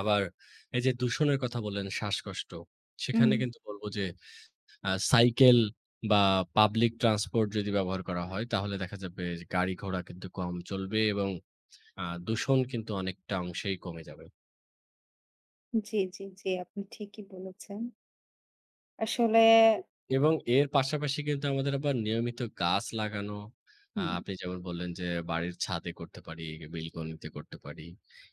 আবার এই যে, দূষণের কথা বললেন, শ্বাসকষ্ট, সেখানে উম কিন্তু বলব যে, আ সাইকেল বা পাবলিক ট্রান্সপোর্ট যদি ব্যবহার করা হয় তাহলে দেখা যাবে গাড়ি ঘোড়া কিন্তু কম চলবে এবং আ দূষণ কিন্তু অনেকটা অংশেই কমে যাবে। জি, জি, জি, আপনি ঠিকিই বলেছেন। আসলে এবং এর পাশাপাশি কিন্তু আমাদের আবার নিয়মিত গাছ লাগানো। আ হুম। আপনি যেমন বললেন, যে, বাড়ির ছাদে করতে পারি, বিলকনিতে করতে পারি।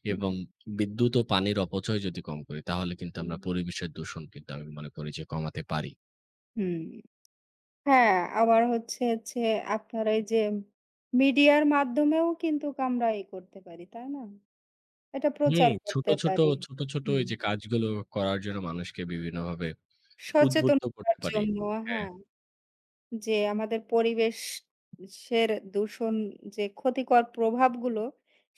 হুম। এবং বিদ্যুৎ ও পানির অপচয় যদি কম করি তাহলে কিন্তু হুম। আমরা পরিবেশের দূষণ কিন্তু আমি মনে করি যে, কমাতে পারি। হুম। হ্যাঁ, আবার হচ্ছে, হচ্ছে আপনারা এই যে, মিডিয়ার মাধ্যমেও কিন্তু আমরাই করতে পারি তাই না? এটা হুম, প্রচার ছোট, করতে ছোট, পারি ছোট, ছোট হুম। ওইযে কাজগুলো করার জন্য মানুষকে বিভিন্নভাবে সচেতন উদ্বুদ্ধ করতে করার পারি জন্য হ্যাঁ। হ্যাঁ। যে, আমাদের পরিবেশে সের দূষণ যে, ক্ষতিকর প্রভাবগুলো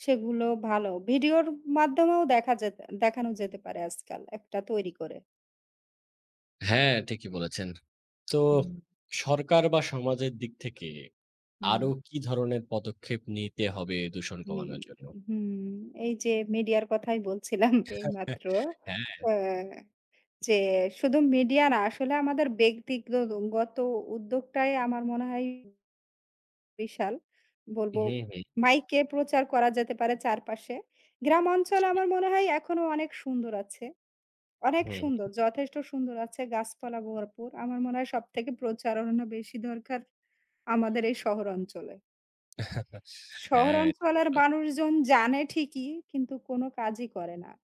সেগুলো ভালো। ভিডিওর মাধ্যমেও দেখা দেত দেখানো যেতেপারে আজকাল একটা তৈরি করে। হ্যাঁ, ঠিকই বলেছেন। তো হুম। সরকার বা সমাজের দিক থেকে আরও হুম। কী ধরনের পদক্ষেপ নিতে হবে দূষণ হুম, কমানোর জন্য? হুম। এই যে, মিডিয়ার কথাই বলছিলাম এইমাত্র হ্যাঁ। হ্যাঁ। যে, শুধু মিডিয়া না আসলে আমাদের ব্যক্তিগত উদ্যোগটাই আমার মনে হয় বিশাল বলবো হুম, হুম। মাইকে প্রচার করা যেতে পারে চারপাশে। গ্রাম অঞ্চল জি। আমার মনে হয় এখনো অনেক সুন্দর আছে। অনেক হু, সুন্দর হুম। যথেষ্ট সুন্দর আছে গাছপালা ভরপুর। আমার মনে হয় সবথেকে প্রচারণ বেশি দরকার আমাদের এই শহর অঞ্চলে। হ্যাঁ, থিকই শহরাঞ্চলের বলেছেন। মানুষজন জানে ঠিকই, কিন্তু কোন কাজই করে না।